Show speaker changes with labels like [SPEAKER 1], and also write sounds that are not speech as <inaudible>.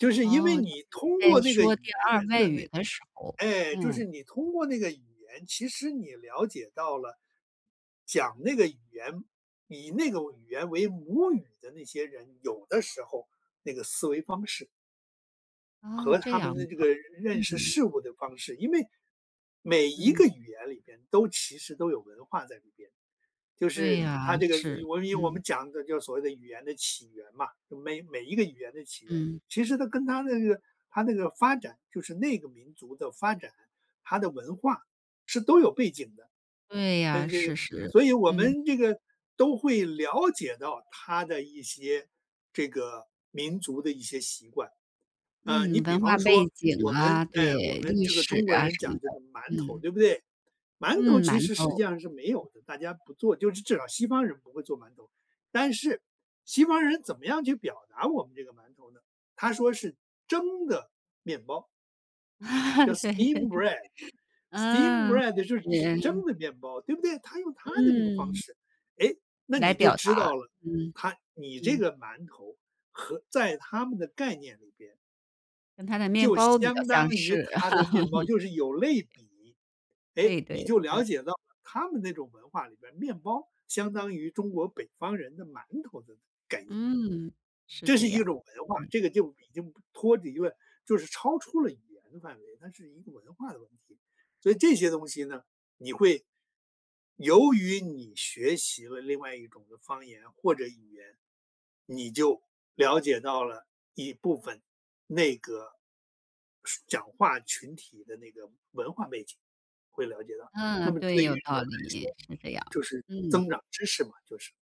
[SPEAKER 1] 就是因为
[SPEAKER 2] 哦，就是
[SPEAKER 1] 你
[SPEAKER 2] 你
[SPEAKER 1] 通
[SPEAKER 2] 在
[SPEAKER 1] 过那个语
[SPEAKER 2] 说第二
[SPEAKER 1] 言
[SPEAKER 2] 外
[SPEAKER 1] 的
[SPEAKER 2] 语
[SPEAKER 1] 那
[SPEAKER 2] 的时候，
[SPEAKER 1] 哎，就是
[SPEAKER 2] 嗯。
[SPEAKER 1] 你通过那个语言，其实你了解到了，讲那个语言，以那个为语言为母语的那些人，有的时候那个思维方式
[SPEAKER 2] 啊，
[SPEAKER 1] 和
[SPEAKER 2] 这
[SPEAKER 1] 他们
[SPEAKER 2] 样
[SPEAKER 1] 的这个
[SPEAKER 2] 的，
[SPEAKER 1] 认认识
[SPEAKER 2] 嗯。
[SPEAKER 1] 事物的方式。因为，每一
[SPEAKER 2] 嗯。
[SPEAKER 1] 个语言里面，都其实都有文化在里边，就
[SPEAKER 2] 对
[SPEAKER 1] 是
[SPEAKER 2] 呀，
[SPEAKER 1] 它这个就
[SPEAKER 2] 是，
[SPEAKER 1] 我们因我们
[SPEAKER 2] 嗯。
[SPEAKER 1] 讲的就是所谓的语言的起源嘛，就每每一个语言的起源，
[SPEAKER 2] 嗯。
[SPEAKER 1] 其实它跟它的那个它那个发展，就是那个民族的发展，它的文化是都有背景的。
[SPEAKER 2] 对呀，
[SPEAKER 1] 嗯，这
[SPEAKER 2] 是
[SPEAKER 1] 个
[SPEAKER 2] 是，
[SPEAKER 1] 所以我
[SPEAKER 2] 嗯。
[SPEAKER 1] 们这个都会了解到它的一些这个民族的一些习惯，啊，
[SPEAKER 2] 嗯，
[SPEAKER 1] 你比
[SPEAKER 2] 文化
[SPEAKER 1] 方
[SPEAKER 2] 背
[SPEAKER 1] 说
[SPEAKER 2] 景
[SPEAKER 1] 我们
[SPEAKER 2] 啊，
[SPEAKER 1] 哎，我
[SPEAKER 2] 对，
[SPEAKER 1] 们
[SPEAKER 2] 历
[SPEAKER 1] 这个
[SPEAKER 2] 史
[SPEAKER 1] 中国
[SPEAKER 2] 啊
[SPEAKER 1] 人
[SPEAKER 2] 什
[SPEAKER 1] 讲
[SPEAKER 2] 么的，
[SPEAKER 1] 这个馒头，
[SPEAKER 2] 嗯。
[SPEAKER 1] 对不对？馒头
[SPEAKER 2] 嗯，
[SPEAKER 1] 其
[SPEAKER 2] 馒
[SPEAKER 1] 实实际
[SPEAKER 2] 头。
[SPEAKER 1] 上是没有的，大家不做，就是至少西方人不会做馒头，但是西方人怎么样去表达我们这个馒头呢？他说是“蒸的面包”。叫
[SPEAKER 2] <chuckles> 对
[SPEAKER 1] steamed
[SPEAKER 2] 对。
[SPEAKER 1] bread，steamed
[SPEAKER 2] 嗯，
[SPEAKER 1] bread 就是指
[SPEAKER 2] 连
[SPEAKER 1] 蒸
[SPEAKER 2] 啊。
[SPEAKER 1] 的面包，对不对？它用它的这个方
[SPEAKER 2] 嗯。
[SPEAKER 1] 式，哎，那
[SPEAKER 2] 来
[SPEAKER 1] 你就
[SPEAKER 2] 表
[SPEAKER 1] 知
[SPEAKER 2] 达，
[SPEAKER 1] 道了，
[SPEAKER 2] 嗯，
[SPEAKER 1] 它你这
[SPEAKER 2] 嗯。
[SPEAKER 1] 个馒头和在它们的概念里边
[SPEAKER 2] 跟它的面
[SPEAKER 1] 就
[SPEAKER 2] 包比较
[SPEAKER 1] 相
[SPEAKER 2] 相
[SPEAKER 1] 当于
[SPEAKER 2] 是。
[SPEAKER 1] 它的面包，
[SPEAKER 2] <laughs>
[SPEAKER 1] 就是有类比，诶，
[SPEAKER 2] 对
[SPEAKER 1] 你
[SPEAKER 2] 对，
[SPEAKER 1] 就
[SPEAKER 2] 嗯。
[SPEAKER 1] 了解到了他们那种文化里边儿，面包相当于中国北方人的馒头的概念。
[SPEAKER 2] 嗯，是
[SPEAKER 1] 这
[SPEAKER 2] 这
[SPEAKER 1] 是一
[SPEAKER 2] 样。
[SPEAKER 1] 种文化，
[SPEAKER 2] 嗯。
[SPEAKER 1] 这个就已经不脱离了就是超出了语言的范围，它是一个文化的问题。所以这些东西呢，你会由于你学习了另外一种的方言或者语言，你就了解到了一部分内个，说讲话群体的那个文化背景，会了解到，那
[SPEAKER 2] 嗯，
[SPEAKER 1] 么
[SPEAKER 2] 对，
[SPEAKER 1] 对于
[SPEAKER 2] 有
[SPEAKER 1] 人
[SPEAKER 2] 道
[SPEAKER 1] 来
[SPEAKER 2] 理，
[SPEAKER 1] 说，
[SPEAKER 2] 是这样，
[SPEAKER 1] 就是增
[SPEAKER 2] 嗯。
[SPEAKER 1] 长知识嘛，就是。